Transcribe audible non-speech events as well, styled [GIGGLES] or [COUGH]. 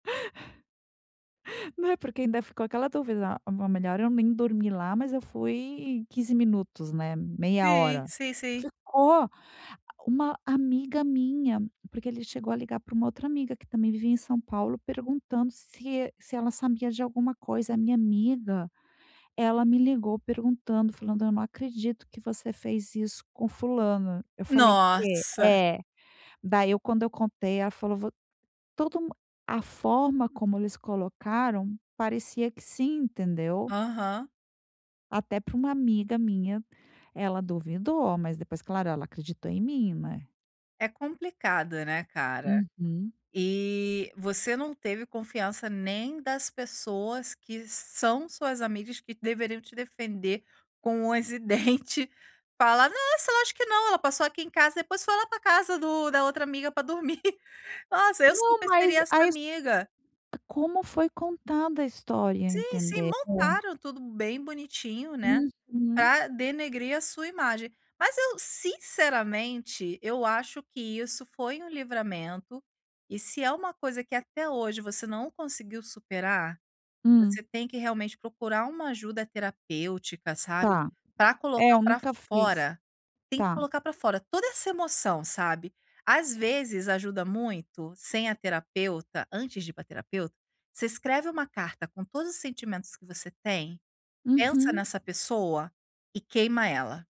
Né, porque ainda ficou aquela dúvida: "Ah, não. Melhor eu nem dormi lá." Mas eu fui 15 minutos, né, meia Sei, hora. sei, sei. Ficou Uma amiga minha, porque ele chegou a ligar para uma outra amiga que também vivia em São Paulo perguntando se se ela sabia de alguma coisa, a minha amiga, ela me ligou perguntando, falando: "Eu não acredito que você fez isso com fulana." Eu falei "Quê?" Nossa! É daí, eu quando eu contei, ela falou: "Todo a forma como eles colocaram parecia que sim, entendeu?" Aham. Até para uma amiga minha, ela duvidou, mas depois claro ela acreditou em mim, né. É complicado né, cara? Uhum. E você não teve confiança nem das pessoas que são suas amigas que deveriam te defender com unhas e dente, falar: "Nossa, eu acho que não, ela passou aqui em casa, depois foi lá para casa do da outra amiga para dormir". [GIGGLES] Nossa eu Não, super seria mas essa a es amiga. como foi contada a história, Sim, sim. entendeu? Montaram tudo bem bonitinho, né, Uhum. para denegrir a sua imagem. Mas eu, sinceramente, eu acho que isso foi um livramento, e se é uma coisa que até hoje você não conseguiu superar, Hum. você tem que realmente procurar uma ajuda terapêutica, sabe, Tá, para é, colocar eu para nunca fiz, fora, tem que tá. colocar para fora toda essa emoção sabe? Às vezes ajuda muito, sem a terapeuta, antes de ir para terapeuta, você escreve uma carta com todos os sentimentos que você tem, pensa Uhum. nessa pessoa e queima ela.